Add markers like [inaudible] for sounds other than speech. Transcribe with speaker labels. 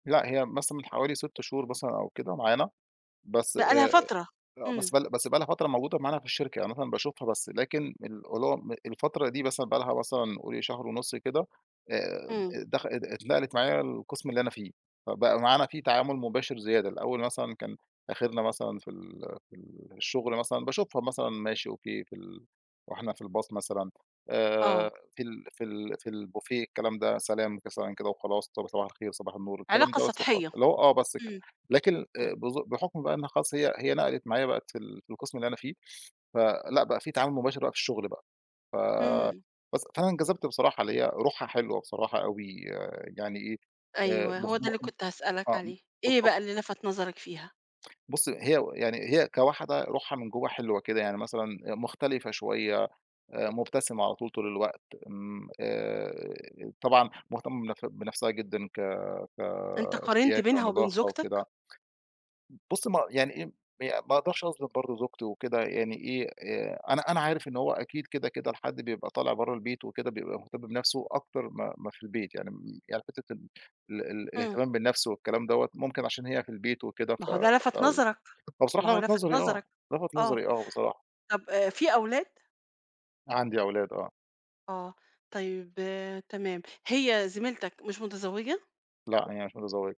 Speaker 1: لأ، هي مثلًا من حوالي 6 شهور مثلًا أو كده معانا، بس آآ
Speaker 2: بقى لها فترة.
Speaker 1: آه. بس
Speaker 2: إمم.
Speaker 1: بقى ل بس بقى لها فترة موجودة معانا في الشركة. يعني مثلًا باشوفها بس لكن الألوم الفترة دي مثلًا بقى لها مثلًا قولي شهر ونُص كده، آآ،
Speaker 2: إمم.
Speaker 1: دخ ات ات اتنقلت معايا القِسم اللي أنا فيه، فبقى معانا في تعامُل مُباشر زيادة. الأول مثلًا كان آخِرنا مثلًا في ال في الشُغل مثلًا باشوفها مثلًا ماشي، أوكي في ال وإحنا في الباص مثلًا آآ
Speaker 2: آه.
Speaker 1: في ال في ال في البوفيه الكلام ده، سلام، ممكن سلام كده وخلاص. طب صباح الخير وصباح النور الكلام
Speaker 2: علاقة
Speaker 1: ده بس اللي
Speaker 2: سطحية.
Speaker 1: حصل، اللي هو آه بس كده.
Speaker 2: إمم.
Speaker 1: لكن الأ
Speaker 2: إمم.
Speaker 1: بزو بحُكم بقى إنّها خلاص هي هي نَقَلِت معايا بقت في ال في القِسم اللي أنا فيه، فلأ بقى في تعامل مُباشر بقى في الشُغل بقى. ف
Speaker 2: إمم.
Speaker 1: بس، فأنا انجذبت بصراحة اللي هي روحها حلوة بصراحة أوي يعني إيه، آآ
Speaker 2: أيوه. هو ده اللي
Speaker 1: [unintelligible]
Speaker 2: كنت هاسألك
Speaker 1: آه، م
Speaker 2: عليه، إيه
Speaker 1: بالضبط.
Speaker 2: بقى اللي لَفَت نظرك فيها؟
Speaker 1: بُصّي، هي و يعني هي كواحدة روحها من جوّه حلوة كده. يعني مثلًا آآ مختلفة شوية، آآ مُبتسمة على طول، طول الوقت امم، آآ طبعًا مُهتمّة بنف بنفسها جدًا ك
Speaker 2: أنت قارنت
Speaker 1: كشياكة
Speaker 2: بينها وبين
Speaker 1: ونضافة وكده
Speaker 2: زوجتك؟
Speaker 1: م بُصّي، ما يعني إيه م هي ما أقدرش أظلِم برضه زوجتي وكده يعني إيه، آآ أنا أنا عارف إن هو أكيد كده، كده الحد بيبقى طالع برّه البيت وكده بيبقى مهتم بنفسه أكتر ما ما في البيت. يعني م يعني حتّة ال ال ال
Speaker 2: إمم.
Speaker 1: الاهتمام بالنَفس والكلام دَوّة، ممكن عشان هي في البيت وكده
Speaker 2: ما
Speaker 1: ف
Speaker 2: هو ده لَفَت
Speaker 1: أو
Speaker 2: نظرك.
Speaker 1: هو
Speaker 2: ما
Speaker 1: بصراحة
Speaker 2: هو
Speaker 1: لَفَت
Speaker 2: لَفَت
Speaker 1: نظري آه.
Speaker 2: نظرك.
Speaker 1: لَفَت
Speaker 2: آه.
Speaker 1: نظري آه بصراحة.
Speaker 2: طَب آآ في أولاد؟
Speaker 1: عندي أولاد آه.
Speaker 2: آه. طيب تمام، هي زميلتك مش متزوجة؟
Speaker 1: لأ، هي مش متزوجة.